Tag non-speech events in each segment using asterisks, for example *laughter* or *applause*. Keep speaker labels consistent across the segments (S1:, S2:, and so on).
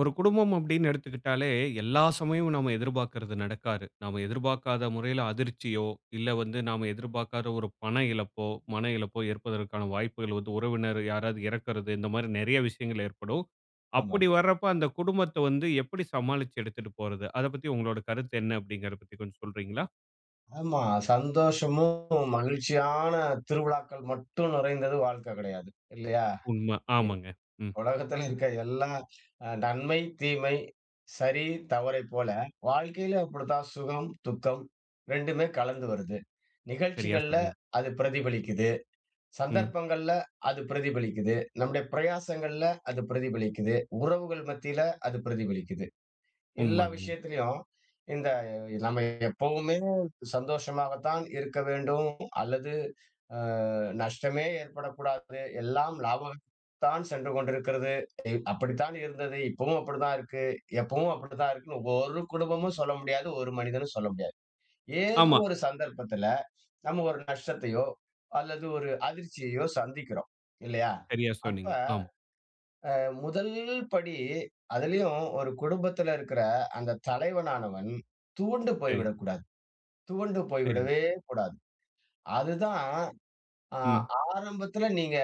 S1: ஒரு குடும்பம் அப்படின்னு எடுத்துக்கிட்டாலே, எல்லா சமயமும் நம்ம எதிர்பார்க்கறது நடக்காது நம்ம எதிர்பார்க்காத முறையில அதிர்ச்சியோ, இல்ல வந்து நாம எதிர்பார்க்காத ஒரு பண இழப்போ, மன இழப்போ ஏற்பதற்கான வாய்ப்புகள் வந்து உறவினர் யாராவது இறக்கறது இந்த மாரி நெறைய விஷயங்கள் ஏற்படும்.
S2: ஆமா.
S1: அப்படி வரப்ப அந்த குடும்பத்த வந்து, எப்படி சமாளிச்சு எடுத்துட்டு போறது? அத பத்தி உங்களோட கருத்து என்ன அப்படிங்கிறத பத்தி கொஞ்சம் சொல்றீங்களா?
S2: ஆமா, சந்தோஷமும் மகிழ்ச்சியான திருவிழாக்கள் மட்டும் நிறைந்தது வாழ்க்க கிடையாது. இல்லையா?
S1: உண்ம,
S2: இ
S1: ஆமாங்க, ம்.
S2: உலகத்தில இருக்க எல்லா அ நன்மை, தீமை, சரி தவறை போல, வாழ்க்கையில அப்படிதான் சுகம், துக்கம். 2மே கலந்து வருது.
S1: செரியா
S2: நிகழ்ச்சிகள்ல
S1: சொன்னீங்க.
S2: அது பிரதிபலிக்குது.
S1: ம்.
S2: சந்தர்ப்பங்கள்ல அது பிரதிபலிக்குது. நம்முடைய பிரயாசங்கள்ல அது பிரதிபலிக்குது. உறவுகள் மத்தியில அது பிரதிபலிக்குது. எல்லா
S1: உண்மதாங்க.
S2: விஷயத்துலயும். இந்த நம்ம எப்பவுமே சந்தோஷமாகத்தான் இருக்க வேண்டும். அல்லது அ நஷ்டமே ஏற்படக்கூடாது. எல்லாம் லாபகத்து தான் சென்று கொண்டிருக்கிறது. இ அப்படித்தான் இருந்தது. இப்பவும் அப்படிதான் இருக்கு. எப்பவும் அப்படிதான் இருக்குன்னு ஒவ்வொரு குடும்பமும் சொல்ல முடியாது. ஒரு மனிதனும் சொல்ல முடியாது. ஏதோ
S1: ஆமா.
S2: ஒரு சந்தர்ப்பத்துல, நம்ம ஒரு நஷ்டத்தையோ! அல்லது ஒரு அதிர்ச்சியையோ! சந்திக்கிறோம். இல்லையா?
S1: செரியா
S2: அப்ப,
S1: சொன்னீங்க. ஆமா.
S2: அ முதல் படி அதிலயும் ஒரு குடும்பத்துல இருக்கிற அந்த தலைவனானவன். துவண்டு போய்
S1: செரி.
S2: விடக்கூடாது. துவண்டு போய்
S1: செரிங்க.
S2: விடவே கூடாது. அதுதான், ஆ
S1: ம்.
S2: ஆரம்பத்தில நீங்க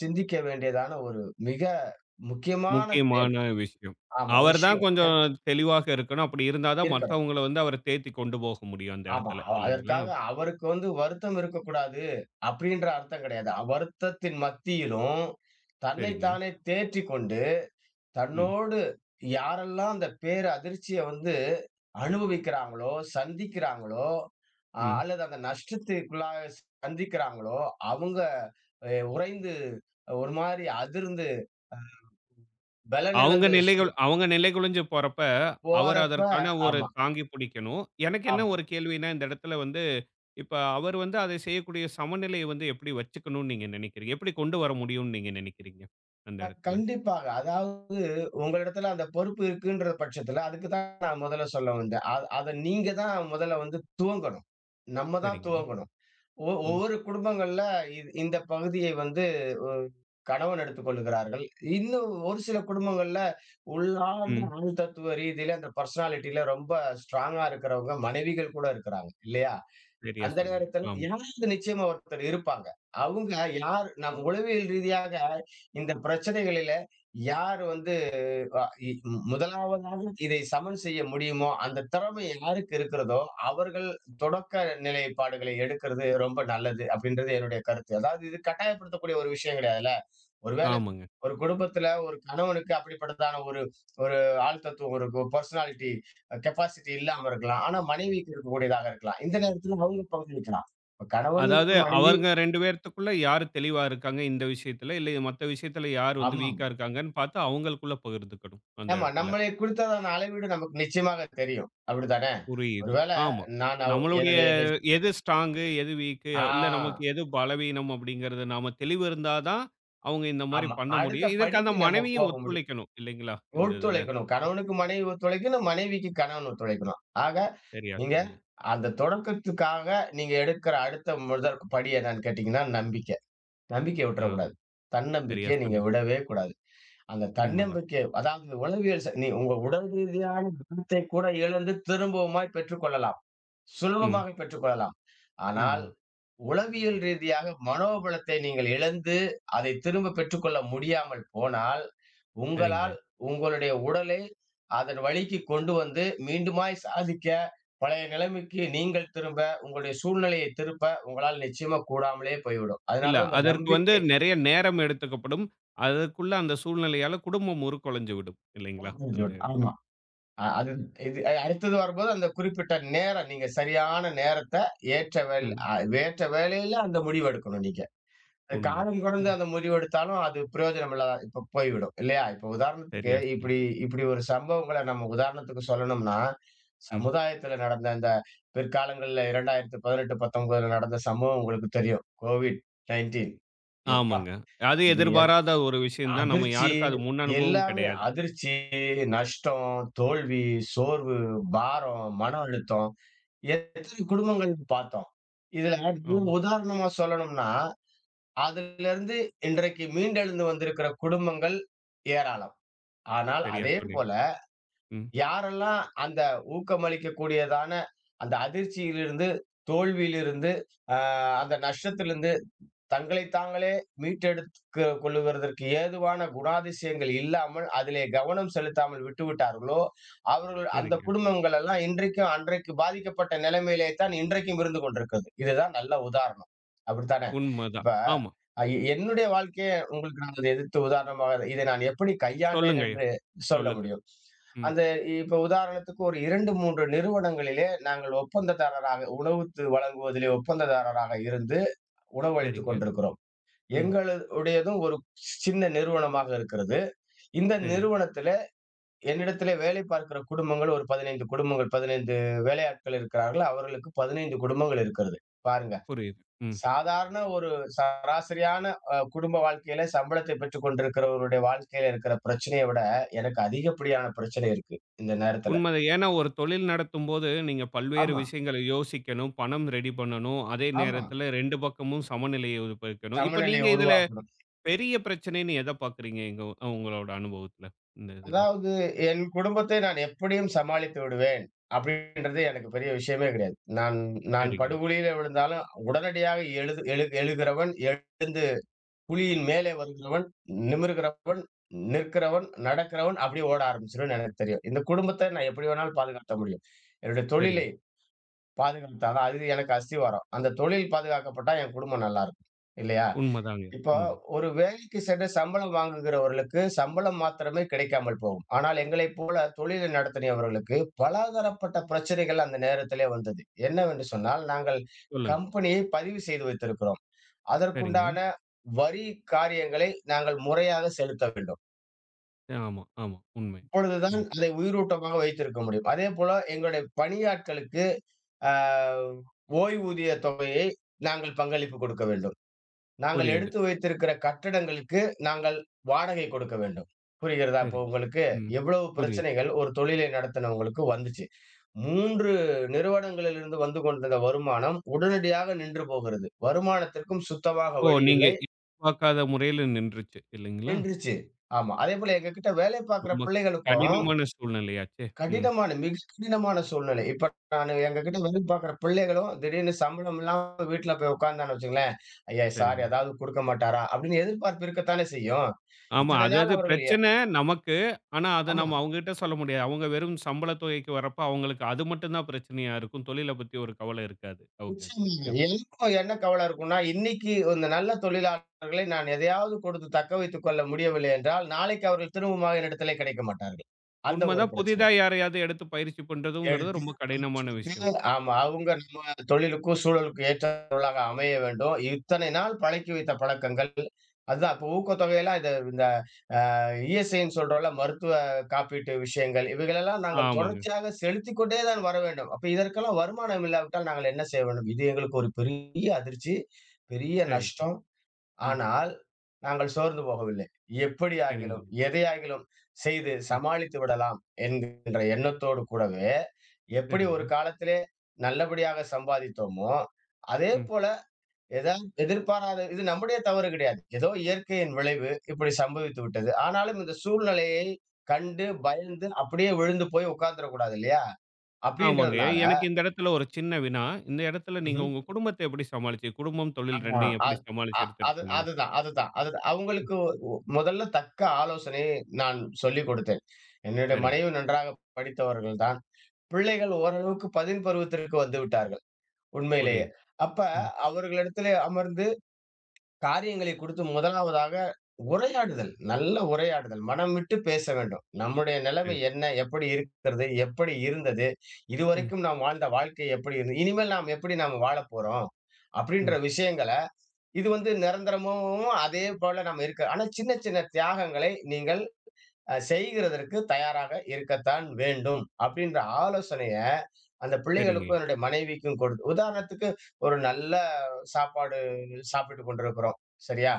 S2: சிந்திக்க வேண்டியதான ஒரு மிக முக்கியமான செயல்.
S1: முக்கியமான விஷயம்.
S2: ஆமா.
S1: அவர் தான்
S2: விஷயோன். ஏன்னா
S1: கொஞ்ஜோம் தெளிவாக இருக்கணும். அப்படி இருந்தா தான்
S2: இருக்கலாம்.
S1: மத்தவங்கள வந்து அவர தேத்திக் கொண்டு போக முடியும் அந்த
S2: ஆமா,
S1: இடத்தல
S2: அ
S1: இல்லைங்களா?
S2: அதற்காக அவருக்கு வந்து வருத்தம் இருக்கக்கூடாது. அப்படின்ற அர்த்தம் கிடையாது. அவ்வருத்தத்தின் மத்தியிலும் தன்னை
S1: சரிங்க.
S2: தானே தேற்றிக் கொண்டு.
S1: ம்.
S2: தன்னோடு யாரெல்லாம் அந்த பேர் அதிர்ச்சிய வந்து, அனுபவிக்கிறாங்களோ! சந்திக்கிறாங்களோ! அ
S1: ம்.
S2: அல்லது அந்த நஷ்டத்துக்குள்ளாக சந்திக்கிறாங்களோ அவங்க அ உறைந்து ஒரு மாரி அதிர்ந்து அ
S1: அவங்க
S2: பலன்இழந்து சூ
S1: நிலைகுள் அவங்க நிலை குழஞ்சு போறப்ப, அவர்
S2: போறப்ப,
S1: அதற்கான ஒரு
S2: ஆமா.
S1: தாங்கி புடிக்கணும். எனக்கு என்ன
S2: ஆமா.
S1: ஒரு கேள்வின்னா, இந்த இடத்துல வந்து இப்ப அவர் வந்து அத செய்யக்கூடிய சமநிலைய வந்து எப்படி வச்சுக்கணும்னு நீங்க நெனைக்கிறீங்க? எப்படி கொண்டு வர முடியும்னு நீங்க நெனைக்கிறீங்க? அந்த
S2: க
S1: இடத்துல.
S2: கண்டிப்பாக, அதாவது உங்களிடத்தல அந்த பொறுப்பு இருக்குன்ற பட்சத்துல அதுக்கு தான் நான் முதல்ல சொல்ல வந்தேன். அத அத நீங்க தான் முதல்ல வந்து துவங்கணும். நம்ம தான்
S1: செரிங்க,
S2: துவங்கணும். ஒ
S1: ம்.
S2: ஒவ்வொரு குடும்பங்கள்ல, இது இந்த பகுதியை வந்து ஒ கணவன் எடுத்துக் கொள்கிறார்கள். இன்னும் ஒரு சில குடும்பங்கள்ல உள்ளார்ந்த
S1: ம்.
S2: அனு தத்துவ ரீதியில அந்த பெர்சனாலிட்டில ரொம்ப ஸ்ட்ராங்கா இருக்கிறவங்க, மனைவிகள் கூட இருக்கிறாங்க. இல்லையா?
S1: செரியா
S2: அந்த
S1: சொன்னீங்க,
S2: நேரத்தில
S1: ஆமா.
S2: யாராவது நிச்சயமா, ஒருத்தர் இருப்பாங்க. அங்க யார் நம் உளவியல் ரீதியாக இந்த பிரச்சனைகளில யார் வந்து, அ இ முதலாவதாக இதை சமன் செய்ய முடியுமோ, அந்த திறமை யாருக்கு இருக்கிறதோ, அவர்கள் தொடக்க நிலைப்பாடுகளை எடுக்கிறது ரொம்ப நல்லது அப்படின்றது என்னுடைய கருத்து. அதாவது இது கட்டாயப்படுத்தக்கூடிய ஒரு விஷயோன் கிடையாதுல்ல. ஒரு வேளை
S1: ஆமாங்க.
S2: ஒரு குடும்பத்துல ஒரு கணவனுக்கு அப்படிப்பட்டதான ஒரு ஒரு ஆழுத்தத்துவம் இருக்கும் பெர்சனாலிட்டி கெப்பாசிட்டி இல்லாம இருக்கலாம். ஆனா மனைவிக்கு இருக்கக்கூடியதாக இருக்கலாம். இந்த நேரத்தில அவங்க பகுதியிக்கலாம்.
S1: அதாவது
S2: கணவனுக்கு மனைவி
S1: அவங்க 2 பேத்துக்குள்ள யார் தெளிவா இருக்காங்க இந்த விஷயத்தில, இல்ல மத்த விஷயத்தில யார் வந்து
S2: ஆமா.
S1: வீக்கா இருக்காங்கன்னு பார்த்து அவங்களுக்குள்ள பகிர்ந்துக்கணும். அந்த
S2: ஆமா,
S1: இடத்துல.
S2: நம்மளை குறித்ததான அளவீடு நமக்கு நிச்சயமாக தெரியும். அப்படித்தானே?
S1: புரியுது.
S2: ஒருவேள
S1: ஆமா.
S2: நான் அவ்
S1: நம்மளுடைய
S2: என்னுடைய என்
S1: எது ஸ்ட்ராங்கு எது வீக்கு இல்ல நமக்கு
S2: ஆ.
S1: எது பலவீனம் அப்படிங்கிறது, நாம தெளிவு இருந்தா தான். அவங்க இந்த மாரி
S2: ஆமா,
S1: பண்ண
S2: அடுத்த
S1: முடியும். இதற்கு அந்த
S2: படிக்கு நம்ம
S1: மனைவியும்
S2: போக முடியும்.
S1: ஒத்துழைக்கணும் இல்லைங்களா? இந்த இதுல.
S2: ஒத்துழைக்கணும். கணவனுக்கு மனைவி ஒத்துழைக்கணும், மனைவிக்கு கணவன் ஒத்துழைக்கணும். ஆக
S1: செரியா
S2: நீங்க
S1: சொன்னீங்க.
S2: அந்த தொடக்கத்துக்காக நீங்க எடுக்கிற அடுத்த முதற் படி என்னன்னு கேட்டீங்கன்னா, நம்பிக்க. நம்பிக்க
S1: ஆ,
S2: விட்டுறக்கூடாது.
S1: செரியா
S2: தன்னம்பிக்கையை நீங்க
S1: சொன்னீங்க.
S2: விடவே கூடாது. அந்த
S1: உண்மதான்.
S2: தன்னம்பிக்கை அதாவது உளவியல் ச நீ உங்க உடல் ரீதியான *unintelligible* திண்ணத்தை கூட இழந்து திரும்பவுமாய்ப் பெற்றுக் கொள்ளலாம்.
S1: ம்.
S2: சுலபமாக பெற்றுக் கொள்ளலாம். ஆனால்.
S1: உண்மதான்.
S2: உளவியல் ரீதியாக மனோபலத்தை நீங்க இழந்து, அதை திரும்ப பெற்றுக்கொள்ள முடியாமல் போனால். உங்களால்
S1: செரிங்க.
S2: உங்களுடைய உடலே அதன் வழிக்கு கொண்டு வந்து, மீண்டுமாய் சாதிக்க பழைய நிலைமைக்கு நீங்கள் திரும்ப, உங்களுடைய சூழ்நிலையை திருப்ப உங்களால் நிச்சயமா கூடாமலே போய்விடும். அதனால
S1: இல்ல,
S2: தான் அ இந்த
S1: அதற்கு வந்து
S2: நம்பிக்கை.
S1: நெறைய நேரம் எடுத்துக்கப்படும். அதற்குள்ள அந்த சூழ்நிலையால குடும்பம் உறு கொலைஞ்சு விடும் இல்லைங்களா? அந்த
S2: *unintelligible*
S1: இடத்துல.
S2: ஆமா, அ அது இது அ அடுத்தது வரும்போது அந்த குறிப்பிட்ட நேரம் நீங்க சரியான நேரத்த ஏற்ற வேல்
S1: ம்.
S2: அ ஏற்ற வேலையில அந்த முடிவு எடுக்கணும் நீங்க. அ காலம் கடந்து
S1: உண்மதான்.
S2: அந்த முடிவு எடுத்தாலும் அது பிரயோஜனமில்லாம இப்ப போய்விடும். இல்லையா? இப்ப உதாரணத்துக்கு
S1: சரியா! சொன்னீங்க.
S2: இப்படி இப்படி ஒரு சம்பவங்கள நம்ம உதாரணத்துக்கு சொல்லணும்னா
S1: ம்.
S2: சமுதாயத்தில நடந்த இந்த பிற்காலங்கள்ல 2018-19கள்ல நடந்த சம்பவம் உங்களுக்கு தெரியும். கோவிட் 19 எப்பா?
S1: ஆமாங்க, அது
S2: இது ஏ
S1: எதிர்பாராத ஒரு விஷயோன் தான். நம்ம
S2: அதிர்ச்சி
S1: யாருக்கும் அது முன் அனுபவம்
S2: எல்லாமே
S1: கிடையாது.
S2: அதிர்ச்சி நஷ்டம், தோல்வி, சோர்வு, பாரம், மன அழுத்தம். எத்தனை குடும்பங்கள்து பார்த்தோம். இது
S1: ஆ.
S2: உதாரணமா சொல்லணும்னா. அதிலிருந்து இன்றைக்கு மீண்டெழுந்து வந்திருக்கிற குடும்பங்கள், ஏராளம். ஆனால்
S1: செரியா
S2: அதே
S1: சொன்னீங்க.
S2: போல.
S1: ம்.
S2: யாரெல்லாம் அந்த ஊக்கமளிக்கக்கூடியதான. அந்த அதிர்ச்சியிலிருந்து தோல்வியிலிருந்து, அ அந்த நஷ்டத்திலிருந்து தங்களை தாங்களே மீட்டெடுத்து கொள்வதற்கு ஏதுவான குணாதிசயங்கள் இல்லாமல் அதிலே கவனம் செலுத்தாமல் விட்டுவிட்டார்களோ, அவர்கள் அந்த
S1: செரிங்க.
S2: குடும்பங்கள் எல்லாம் இன்றைக்கும் அன்றைக்கு பாதிக்கப்பட்ட நிலைமையிலே தான் இன்றைக்கும் இருந்து கொண்டிருக்கிறது. இதுதான் நல்ல உதாரணம். அப்படித்தானே,
S1: உண்மதான்,
S2: இப்ப
S1: ஆமா.
S2: அ என்னுடைய வாழ்க்கையே உங்களுக்கு நான் எதிர்த்து உதாரணமாக இதை நான் எப்படி கையாண்டேன்
S1: சொல்லுங்கய்யா.
S2: என்று சொல்ல
S1: சொல்லுங்க.
S2: முடியும்.
S1: ம்.
S2: அந்த இப்ப உதாரணத்துக்கு ஒரு 2, 3 நிறுவனங்களிலே நாங்க ஒப்பந்ததாரராக உணவுத்து வழங்குவதிலே ஒப்பந்ததாரராக இருந்து உணவளித்துக்
S1: செரிங்க.
S2: கொண்டிருக்கிறோம்.
S1: ம்.
S2: எங்கள உடையதும் ஒரு சின்ன நிறுவனமாக இருக்கிறது. இந்த
S1: செரி.
S2: நிறுவனத்துலே என்னிடத்தில வேலை பார்க்கிற குடும்பங்கள் ஒரு 15 குடும்பங்கள், 15 வேலையாட்கள் இருக்கிறார்கள். அவர்களுக்கு 15 குடும்பங்கள் இருக்கிறது. பாருங்க.
S1: புரியுது. ம்.
S2: சாதாரண ஒரு சராசரியான அ குடும்ப வாழ்க்கையில சம்பளத்தை பெற்றுக் கொண்டிருக்கிறவருடைய வாழ்க்கையில இருக்கிற பிரச்சனைய விட எனக்கு அதிகப்படியான பிரச்சனை இருக்கு. இந்த நேரத்தில.
S1: உண்மதான். ஏன்னா, ஒரு தொழில் நடத்தும்போது நீங்க பல்வேறு
S2: ஆமா.
S1: விஷயங்கள யோசிக்கணும். பணம் ரெடி பண்ணணும். அதே
S2: ஆமா.
S1: நேரத்தில 2 பக்கமும் சமநிலையை உருவாக்கணும். இப்ப நீங்க
S2: சமநிலைய
S1: இதல
S2: உருவாக்கணும்.
S1: பெரிய பிரச்சனை, நீங்க எத பார்க்கறீங்க எங்க உங்களோட அனுபவத்தில இந்த இதுல?
S2: அதாவது, என் குடும்பத்தை நான் எப்படியும் சமாளித்து விடுவேன். அப்படின்றது எனக்கு பெரிய விஷயமே கிடையாது. நான் நான்
S1: செரிங்க.
S2: படுகுழியில விழுந்தாலும் உடனடியாக எழுது எழு எழுகிறவன் எழுந்து. புவியின் மேலே வருகிறவன், நிமிரகிறவன், நிற்கிறவன், நடக்கிறவன் அப்டியே ஓட ஆரம்பிச்சுிருவன்னு எனக்கு தெரியும். இந்த குடும்பத்த நான் எப்படி வேணாலும் பாதுகாத்த முடியும். என்னுடைய தொழிலை.
S1: செரிங்க.
S2: பாதுகாத்தற தான். அது எனக்கு அஸ்தி வரும். அந்த தொழில் பாதுகாக்கப்பட்டா என் குடும்பம் நல்லாருக்கும். இல்லையா?
S1: உண்மதாங்க.
S2: இப்ப
S1: உண்மதா
S2: ஒரு வேலைக்கு சென்று சம்பளம் வாங்குகிறவர்களுக்கு சம்பளம் மாத்திரமே கிடைக்காமல் போகும். ஆனால் எங்களை போல தொழில் நடத்துனியவர்களுக்கு பல தரப்பட்ட பிரச்சனைகள் அந்த நேரத்திலே வந்தது. என்னவென்று சொன்னால் நாங்க
S1: சொல்லுங்க.
S2: கம்பெனியை பதிவு செய்து வைத்திருக்கிறோம்.
S1: செரிங்க.
S2: அதற்குண்டான வரி காரியங்களை நாங்க முறையாக செலுத்த வேண்டும்.
S1: ஆமா ஆமா உண்மை.
S2: அப்பொழுது தான்
S1: ம்.
S2: அதை உயிரூட்டமாக வைத்திருக்க முடியும். அதேபோல எங்களுடைய பணியாட்களுக்கு ஆ ஓய்வூதிய தொகையை நாங்கள் பங்களிப்பு குடுக்க வேண்டும். நாங்க
S1: புரியுது.
S2: எடுத்து வைத்திருக்கிற கட்டடங்களுக்கு நாங்கள் வாடகை குடுக்க வேண்டும் புரிகிறதா? இப்போ
S1: சரிங்.
S2: உங்களுக்கு?
S1: ம்.
S2: எவ்வளவு
S1: புரியுது.
S2: பிரச்சனைகள் ஒரு தொழிலை நடத்துனவங்களுக்கு வந்துச்சு 3 நிறுவனங்களிலிருந்து வந்து கொண்டிருந்த வருமானம் உடனடியாக நின்று போகிறது வருமானத்திற்கும் சுத்தமாக
S1: ஓ!
S2: வழி
S1: நீங்க
S2: இல்லை.
S1: இ பார்க்காத முறையில நின்றுச்சு இல்லைங்களா?
S2: நின்றுச்சு ஆமா. அதேபோல எங்க கிட்ட வேலை பார்க்கற
S1: ரொம்ப
S2: பிள்ளைகளுக்கும்
S1: கடினமான சூழ்நிலையாச்சே! ம்.
S2: கடினமான மிக கடினமான சூழ்நிலை. இப்ப நானு எங்க கிட்ட வேலை பார்க்கற பிள்ளைகளும் திடீர்னு சம்பளம் இல்லாம வீட்ல போய் உட்கார்ந்தான்னு வச்சுக்கோங்களேன் "ஐயா சார்
S1: சரிங்க.
S2: ஏதாவது குடுக்க மாட்டாரா?" அப்டின்னு எதிர்பார்ப்பு இருக்கத்தானே செய்யும்.
S1: ஆமா.
S2: இத்தனை நாள்
S1: அதாதது
S2: அவர்கள் எ
S1: பிரச்சன நமக்கு. ஆனா, அத
S2: ஆமா.
S1: நம்ம அவுங்ககிட்ட சொல்ல முடியாது. அவுங்க வெறும் சம்பள தொகைக்கு வரப்ப அவங்களுக்கு அது மட்டும் தான் பிரச்சனையா இருக்கும். தொழில பத்தி ஒரு கவலை இருக்காது. ஒகே,
S2: நிச்சயமா
S1: ஒகே, ஒகே
S2: இல்லை *unintelligible* என்ன கவலை இருக்கும்னா, இன்னிக்கி இந்த நல்ல தொழிலாளர்களை நான் எதையாவது கொடுத்து தக்க வைத்துக் கொள்ள முடியவில்லை என்றால், நாளைக்கு அவர்கள் திரும்பவும் என்னிடத்திலே கிடைக்க மாட்டார்கள். அந்த
S1: உண்ம
S2: ஒரு
S1: தான்.
S2: பிரச்சன
S1: புதிதா யாரையாவது எடுத்து பயிற்சி பண்றதுங்கிறது
S2: எடுத்து
S1: ரொம்ப கடினமான விஷயம்.
S2: *unintelligible* ஆமா. அவுங்க நம்ம தொழிலுக்கும் சூழலுக்கும் ஏற்றவளாக அமைய வேண்டும். இத்தனை நாள் பழக்கி வைத்த பழக்கங்கள் அதுதான் அப்போ ஊக்கத்தொகையெல்லாம் இத இந்த இந்த அ இஎஸ்ஐ ன்னு சொல்றோல்ல மருத்துவ காப்பீட்டு விஷயங்கள், இவைகளெல்லாம் நாங்க
S1: ஆமாங்க.
S2: தொடர்ச்சியாக செலுத்திக்கொண்டே தான் வர வேண்டும். அப்ப இதற்கெல்லாம் வருமானம் இல்லாவிட்டால் நாங்க என்ன செய்ய வேண்டும்? இது எங்களுக்கு ஒரு பெரிய அதிர்ச்சி, பெரிய
S1: சரி.
S2: நஷ்டம்.
S1: ம்.
S2: ஆனால். நாங்க சோர்ந்து போகவில்லை. எப்படியாகிலும்,
S1: சரிங்க.
S2: எதையாகிலும் செய்து
S1: ம்.
S2: சமாளித்து விடலாம் என்கின்ற எண்ணத்தோடு கூடவே எப்படி ஒரு
S1: சரிங்க.
S2: காலத்திலே நல்லபடியாக சம்பாதித்தோமோ. அதே
S1: ம்.
S2: போல ஏதாவது எதிர்பாராத இது நம்முடைய தவறு கிடையாது. ஏதோ இயற்கையின் விளைவு இப்படி சம்பவித்து விட்டது. ஆனாலும் இந்த சூழ்நிலையை கண்டு பயந்து அப்படியே விழுந்து போய் உட்கார்ந்துடக்கூடாது இல்லையா?
S1: ஆமாங்கய்ய!
S2: அப்டின்றதுனால
S1: எனக்கு இந்த இடத்துல ஒரு சின்ன வினா, இந்த இடத்துல நீங்க
S2: ம்ஹும்.
S1: உங்க குடும்பத்த எப்படி சமாளிச்சு? குடும்பம்,
S2: ஆ
S1: தொழில் 2யும் எப்படி
S2: அது அ
S1: சமாளிச்சு
S2: அது
S1: எடுத்துட்டிருந்தீங்க?
S2: அதுதான் அதுதான் அதுதான்
S1: ம்.
S2: அவங்களுக்கு ஒ மொதல்ல தக்க ஆலோசனையை நான் சொல்லிக் கொடுத்தேன். என்னுடைய
S1: சரிங்க.
S2: மனைவி நன்றாக படித்தவர்கள் தான் பிள்ளைகள் ஓரளவுக்கு பதின் பருவத்திற்கு வந்துவிட்டார்கள். உண்மையிலேயே
S1: புரியுது.
S2: அப்ப
S1: ம்.
S2: அவர்களிடத்திலே அமர்ந்து காரியங்களை குறித்து முதலாவதாக உரையாடுதல், நல்ல உரையாடுதல், மனம்விட்டு பேச வேண்டும் நம்முடைய நிலமை
S1: சரி.
S2: என்ன? எப்படி இருக்கிறது? எப்படி இருந்தது?
S1: ம்.
S2: இதுவரைக்கும் நாம் வாழ்ந்த வாழ்க்கை எப்படி இருந்தது. இனிமேல் நாம எப்படி நாம வாழப்போறோம்? அப்படீன்ற
S1: ம்.
S2: விஷயங்கள இது வந்து நிரந்தரமும், அதே போல நம்ம இருக்க ஆனா சின்ன சின்ன தியாகங்களை நீங்கள் அ செய்கிறதற்கு தயாராக இருக்கத்தான் வேண்டும். அப்படின்ற ஆலோசனைய அந்த
S1: சரிங்க.
S2: பிள்ளைகளுக்கும் என்னுடைய மனைவிக்கும் கொடுத் உதாரணத்துக்கு ஒரு நல்ல சாப்பாடு சாப்பிட்டு கொண்டிருக்கிறோம். சரியா?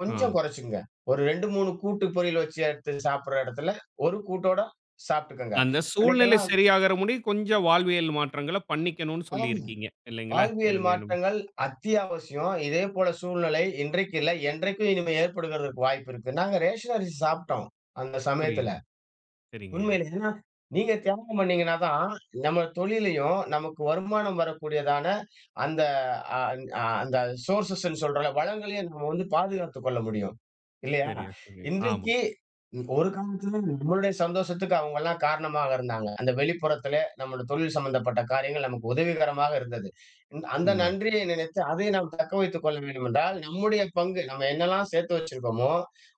S2: கொஞ்சம்
S1: ஆ.
S2: கொறச்சுக்குங்க. ஒரு 2,3 கூட்டு, பொரியல் வச்சு எடுத்து சாப்பிட்ற எடத்துல, ஒரு கூட்டோட சாப்பி்ட்டுக்கங்க.
S1: அந்த சூழ்நிலை
S2: அன்னைக்கெல்லாம்
S1: சரியாகற முடி, கொஞ்சம் வாழ்வியல் மாற்றங்கள பண்ணிக்கணும்னு
S2: ஆம்.
S1: சொல்லியிருக்கீங்க. இல்லைங்களா?
S2: வாழ்வியல்
S1: எளிமையா நம்
S2: மாற்றங்கள் அத்தியாவசியம் இதேபோல சூழ்நிலை இன்றைக்கும் இல்ல, என்றைக்கும் இனிமே ஏற்படுக்கிறதற்கு வாய்ப்பு இருக்குனா. நாங்க ரேஷன் அரிசி சாப்டோம் அந்த சமயத்துல.
S1: புரியுது. சரிங்கய்யா!
S2: உண்மையிலே நீங்க தியாகம் பண்ணீங்கன்னா தான் நம்ம தொழிலயும் நமக்கு வருமானம் வரக்கூடியதான அந்த அ அ அந்த சோர்சஸ் ன்னு சொல்ற வளங்களையும் நம்ம வந்து பாதுகாத்துக் கொள்ள முடியும் இல்லையா?
S1: சரியா சொன்னீக. ஆமா.
S2: இன்றைக்கி ஒரு காலத்ததுல நம்மளுடைய சந்தோஷத்துக்கு அவங்கலாம் காரணமாக இருந்தாங்க. அந்த வெளிப்புறத்திலே நம்முடை தொழில் சம்மந்தப்பட்ட காரியங்கள் நமக்கு உதவிகரமாக இருந்தது. அந்த
S1: உண்மங்க.
S2: நன்றியை நினைத்து அதை நாம் தக்க வைத்துக் கொள்ள வேண்டுமென்றால் நம்முடைய பங்கு நம்ம என்னல்லாம் சேர்த்து வச்சிருக்கோமோ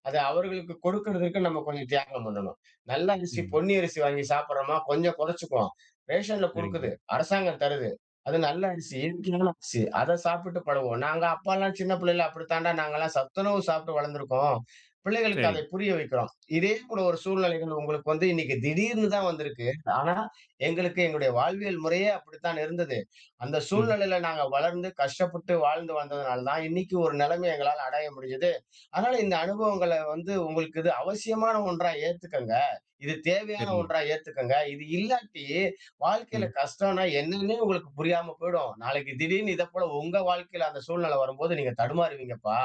S2: அத அவர்களுக்கு கொடுக்கறதற்கு நம்ம கொஞ்சம் தியாகம் பண்ணணும். நல்ல அரிசி
S1: ம்.
S2: பொன்னி அரிசி வாங்கி சாப்பிட்றோமா கொஞ்சம் கொறச்சுக்குவோம் ரேஷன்ல குடுக்குது,
S1: சரிங்கய்யா.
S2: அரசாங்கம் தருது, அது நல்லரிச்சி *unintelligible* அத சாப்பிட்டு பழகுவோம். நாங்க அப்பாலாம் சின்ன பிள்ளைல அப்படித்தாண்டா நாங்கலாம் சத்துணவு சாப்பிட்டு வளர்ந்துருக்கோம். பிள்ளைகளுக்கு அதை
S1: சரிங்.
S2: புரிய வைக்கிறோம் இதே கூட ஒரு சூழ்நிலைகள் உங்களுக்கு வந்து இன்னைக்கு திடீர்னு தான் வந்திருக்கு ஆனா, எங்களுக்கு எங்களுடைய வாழ்வியல் முறையே அப்படித்தான் இருந்தது. அந்த
S1: ம்.
S2: சூழ்நிலையில நாங்க வளர்ந்து கஷ்டப்பட்டு வாழ்ந்து வந்ததனால தான் இன்னைக்கு ஒரு நெலமை எங்களால அடைய முடிஞ்சுது. அதனால இந்த அனுபவங்கள வந்து உங்களுக்கு இது அவசியமான ஒன்றா ஏத்துக்கங்க இது தேவையான
S1: சரிங்க.
S2: ஒன்றா ஏத்துக்கங்க இது இல்லாட்டி வாழ்க்கையில
S1: ம்.
S2: கஷ்டம்னா என்னன்னு உங்களுக்கு புரியாம போயிடும். நாளைக்கு திடீர்னு இத போல, உங்க வாழ்க்கையில அந்த சூழ்நிலை வரும்போது நீங்க தடுமாறுவீங்கப்பா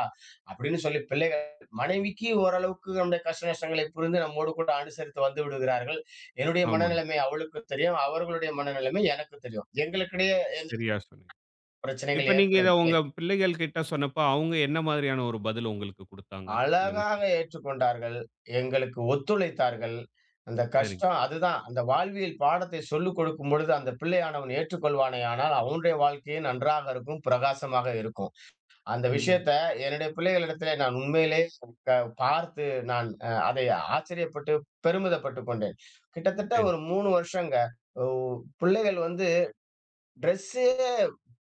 S2: அப்படீன்னு சொல்லி பிள்ளைகள், மனைவிக்கி ஓரளவுக்கு நம்முடைய கஷ்ட நஷ்டங்களை புரிந்து நம்மோடு கூட அனுசரித்து வந்து விடுகிறார்கள். என்னுடைய
S1: ஆமாங்.
S2: மனநிலமை அவளுக்கு தெரியும் அவர்களுடைய மனநிலமை எனக்கும் தெரியும். எங்களுக்கிடையே எ
S1: சரியா சொன்னிங் இப்ப
S2: பிரச்சனைகள்
S1: நீங்க இத உங்க
S2: ஏற்படவில்லை.
S1: பிள்ளைகள் கிட்ட சொன்னப்போ, அவங்க என்ன மாதிரியான ஒரு பதில உங்களுக்கு குடுத்தாங்க? இந்த வி?
S2: அழகாக ஏற்றுக்கொண்டார்கள் எங்களுக்கு ஒத்துழைத்தார்கள். அந்த
S1: சரி.
S2: கஷ்டம் அதுதான் அந்த வாழ்வியல் பாடத்தை சொல்லிக் குடுக்கும்பொழுது அந்த பிள்ளைையானவன் ஏற்றுக் கொள்வானே ஆனால், அவனுடைய வாழ்க்கையே நன்றாக இருக்கும் பிரகாசமாக இருக்கும். அந்த
S1: உண்ம.
S2: விஷயத்த என்னுடைய பிள்ளைகளிடத்திலே நான் உண்மையிலேயே பார்த்து நான் அ அதை ஆச்சரியப்பட்டு, பெருமிதப்பட்டுக் கொண்டேன். கிட்டத்தட்ட
S1: சரி.
S2: ஒரு 3 வருஷங்க உ பிள்ளைகள் வந்து ட்ரெஸ்சே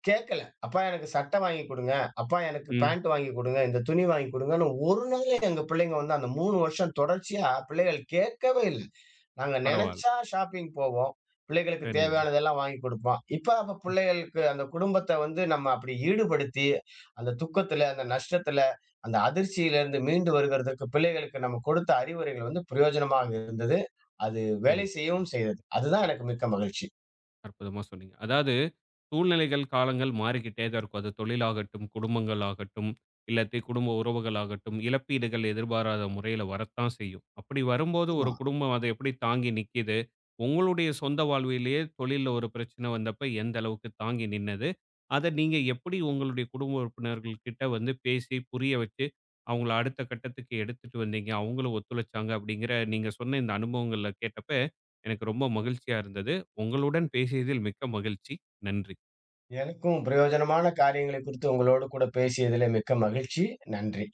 S2: கேட்கல. அப்பா எனக்கு சட்ட வாங்கி் குடுங்க, அப்பா எனக்கு
S1: ம்.
S2: பேண்ட் வாங்கி் குடுங்க. இந்த துணி வாங்கி குடுங்கன்னு ஒரு நாள் எங்க பிள்ளைங்க வந்து அந்த 3 வருஷம் தொடர்ச்சியா பிள்ளைகள் கேட்கவே இல்ல நாங்க
S1: பரவால்ல.
S2: நெனச்சா ஷாப்பிங் போவோம் பிள்ளைகளுக்கு
S1: சரிங்க.
S2: தேவையானதெல்லாம் வாங்கி் குடுப்போம். இப்ப அப்ப
S1: ம்.
S2: பிள்ளைகளுக்கு அந்த குடும்பத்த வந்து நம்ம அப்படி ஈடுபடுத்தி, அந்த துக்கத்துல, அந்த நஷ்டத்தில, அந்த அதிர்ச்சியிலிருந்து மீண்டு வருவதற்கு பிள்ளைகளுக்கு நம்ம குடுத்த அறிவுரைகள் வந்து பிரயோஜனமாக இருந்தது. அது வேலை
S1: சரிங்.
S2: செய்யவும் செய்தது. அதுதான் எனக்கு மிக்க மகிழ்ச்சி.
S1: அற்புதமா சொன்னீங்க. அதாவது. சூழ்நிலைகள் காலங்கள் மாறிக்கிட்டே தான் இருக்கும் அது தொழில்லாகட்டும், குடும்பங்கள் ஆகட்டும், இல்லாட்டி குடும்ப உறவுகள் ஆகட்டும், இழப்பீடுகள் எதிர்பாராத முறையில வரத்தான் செய்யும். அப்படி வரும்போது ஒரு
S2: ஆமா.
S1: குடும்பம் அத எப்படி தாங்கி நிக்கிது? உங்களுடைய சொந்த வாழ்விலே தொழில்ல ஒரு பிரச்சனை வந்தப்ப எந்த அளவுக்கு தாங்கி நின்னது? அத நீங்க எப்படி உங்களுடைய குடும்ப உறுப்பினர்கள் கிட்ட வந்து பேசி, புரிய வச்சு அவங்கள அடுத்த கட்டத்துக்கு எடுத்துட்டு வந்தீங்க, அவங்களும் ஒத்துழைச்சாங்க, அப்படிங்கிற நீங்க சொன்ன இந்த அனுபவங்கள்ல கேட்டப்ப எனக்கு ரொம்ப மகிழ்ச்சியா இருந்தது. உங்களுடன் பேசியதில் மிக்க மகிழ்ச்சி. நன்றி!
S2: எனக்கும் பிரயோஜனமான காரியங்களை குறித்து உங்களோடு கூட பேசியதிலே மிக்க மகிழ்ச்சி. நன்றி!